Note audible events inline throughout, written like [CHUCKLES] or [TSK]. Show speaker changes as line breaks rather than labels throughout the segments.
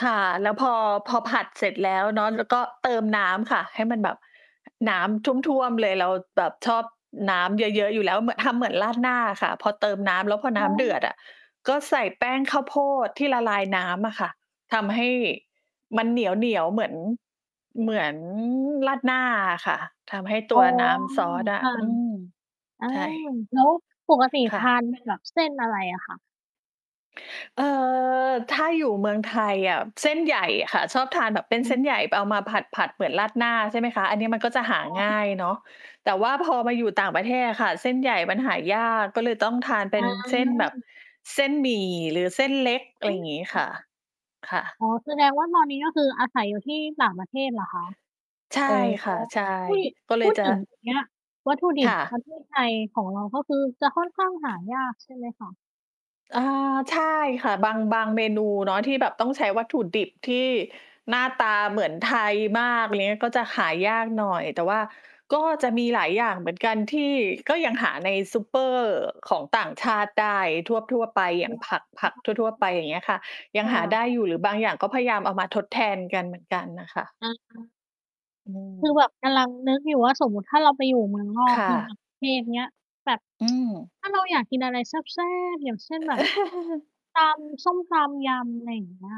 ค่ะ แล้วพอ พอผัดเสร็จแล้วเนาะ แล้วก็เติมน้ำค่ะ ให้มันแบบน้ำท่วม ๆ เลย เราแบบชอบน้ำเยอะ ๆ อยู่แล้ว เหมือน ทำเหมือนราดหน้าอะค่ะ พอเติมน้ำแล้ว พอ
อ
น
๋
้ำเดื
อ
อดอะก็ใส่แป้งข้าวโพดที่ละลายน้ำอะค่ะ ทำให้มันเหนียว ๆ เหมือน เหมือนราดหน้าอะค่ะ ทำให้ต
อ๋
ั
อ
วน้ำซอสอ
ค
ะ
่ะ
อืม
อา
ใช่
แล้วปกติ
ค่
ท
ะ
าน เป็นแบบ เส้นอะไรอะคะ?
เออ ถ้าอยู่เมืองไทยอะ เส้นใหญ่อะค่ะ ชอบทานแบบเป็น
อ๋
เส้น
อ
ใหญ่ เอามาผัด ๆ เหมือนราดหน้าใช่ไหมคะ อันนี้ มันก็จะหา
อ๋
ง่า
อ
ยเนาะ แต่ว่าพอมาอยู่ต่างประเทศอะค่ะ เส้นใหญ่มันหายาก ก็เลยต้องทานเป็
อ
นเส้นแบบ
า
เส้นหมี่หรือเส้นเล็ก อะไ
อ
รอย่างงี้ค
ื
่
ม
ะ ค่ะ
อ๋อ แสดงว่า ตอนนี้ ก็คืออาศัยอยู่ที่ต่างประเทศเหรอคะ?
ใช่
โอ้
ค่ะ ใช่
อุ๊ย
ก็เล
พู
ย
ด
จะ
ถึง ตรง เนี้ย วัตถุดิ
ค
บ
่
ป
ะ
ระเทศ ไทยของเราก็คือจะค่อนข้างหายาก ใช่ไหมคะ?
อา ใช่ค่ะ บาง บางเมนูเนาะที่แบบต้องใช้วัตถุดิบที่หน้าตาเหมือนไทยมาก อะไรเงี้ย ก็จะหายากหน่อย แต่ว่าก็จะมีหลายอย่างเหมือนกันที่ก็ยังหาในซูเปอร์ของต่างชาติได้ทั่ว ๆ ไป อย
อ
่
๋
า
อ
งผัก ผักทั่ว ๆ ไป อย่างเงี้ยค่ะ ยั
ค
ง
่ะ
หาได้อยู
ๆ
่ หรือบางอย่างก็พยายามเอามาทดแทนกันเหมือนกันน่ะค่ะ
อา
อื
คือ
ม
แบบกำลังนึกอยู่ว่า สมมุติถ้าเราไปอยู่เมืองนอ
ค
ก
่
อยู่ต่า
ะ
งประเทศ เงี้ย แบบ
อืม
[TSK] ถ้าเราอยากกินอะไรแซ่บ ๆ อย่างเช่น แบบ
[CHUCKLES]
ตำส้มต้ม ยำ ไรอย่างเงี้ย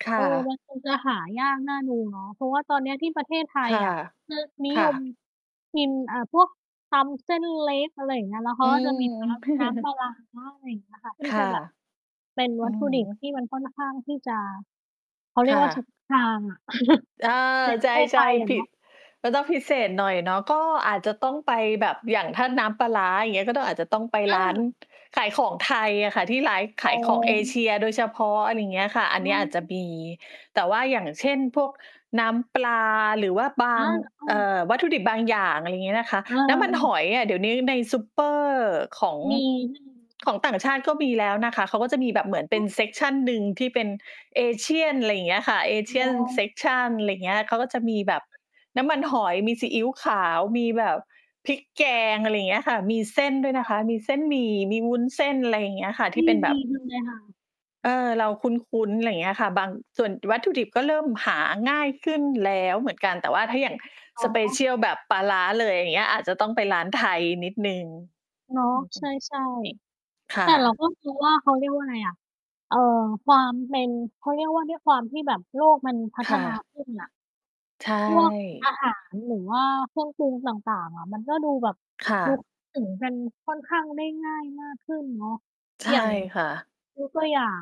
ค
เ
่
ออ
ะ
มันคงจะหายากน่าดูเนาะ เพราะว่าตอนเนี้ยที่ประเทศไท
ค
ย
่ะ
อะ คือ นิ
ค
ย
่
ม
ะ
กิน อ่า พวกตำเส้นเล็ก อะไรอย่างเงี้ย แล้วเข
อ
า
ื
ก็จะมี น
ม
้ำ น้ำปล
[CHUCKLES]
าร้า ไรอย่างเงี้ยค่ะ ที
ค
่จ
่
ะ
ะ
แบบ เป็น
อื
วัต
อ
ถุ
ฮ
ดิบ
ึ
ที่มันค่อนข้างที่จะ เขาเรี
ค
ย
่
กว่า เฉ
ะ
พาะ ทางอะ
เออ
[CHUCKLES] ใน
ใ
ประเทศ
ช
ไท
่
ยอ
ๆ ผ
ะเ
ิ
นา
ด
ะ
ก็ต้องพิเศษหน่อยเนาะ ก็อาจจะต้องไปแบบ อย่างถ้าน้ำปลาร้า อย่างเงี้ย ก็ต้อง อาจจะต้องไป
เ
ร้าน
ออ
ขายของไทยอะค่ะ ที่ร้าย
อ
ข
๋
ายของเอเ
อ
ชียโดยเฉพาะ อะไรเงี้ยค่ะ อั
อ
นเน
ื
ี้ยอาจจะ
ม
มี แต่ว่า อย่างเช่น พวกน้ำปลาหรือว่าบ
อ
า
า
ง
อ้
เ
อ
อ่อ วัตถุดิบบางอย่าง อะไรงี้นะคะ
เ
น้ำมันห
ออ
อยอะ เดี๋ยวนี้ในซูเปอร์ของ
มี [UNINTELLIGIBLE]
ของต่างชาติก็มีแล้วนะคะ เขาก็จะมีแบ
อ
บเหมือนเป็
๋
น เซ
อ
กชัน หนึ่งที่เป็น Asian ไรอย่างเงี้ยค่ะ Asian
[UNINTELLIGIBLE]
Section ไรเงี้ย เขาก็จะมีแบบน้ำมันหอย มีซีอิ๊วขาว มีแบบพริกแก
อะฮะ
ง อะไรเงี้ยค่ะ มีเส้นด้วย
ค
น
่
ะค
ะ
ะ มีเส้นหมี่ มีวุ้นเส้น ไรอย่างเงี้ยค่ะ
อ
ท
ุ
ี
๊
่
ย
เป็นแ
ด
บ
ี
บ
จังเลยค่ะ อ
เ
ื
อ
ม
อ เราคุ้น ๆ ไรเงี้ยค่ะ บาง ส่วนวัตถุดิบก็เริ่มหาง่ายขึ้นแล้วเหมือนกัน แต่ว่าถ้าอย่าง
อ๋อ
Special แบบปลาร้าเลย อย่างเงี้ย อาจจะต้องไปร้าน
อ
ไท
๋
ย
อ
นิดหนึ่ง
เนาะ
อื
ใ
อ ๆ
ช่ ๆ
ค
แ
่
ต่เรา
ะ
ก็ ไม่รู้ ว่า เขาเรียกว่าไรอะ เอ่อ ความเป็น เขาเรียกว่า ด้วยความที่แบบโลกมันพั
ค
ฒ
่
นา
ะ
ขึ้นน่ะ
ใช
พวก อ
่
าหารหรือว่าเครื่องปรุงต่าง ๆ อะ มันก็ดูแบบ
ค่
ดู
ะ
ถึงกันค่อนข้างได้ง่ายมากขึ้นเนาะ
ใช่
อย่าง
ค่ะ
ยก ตัวอย่าง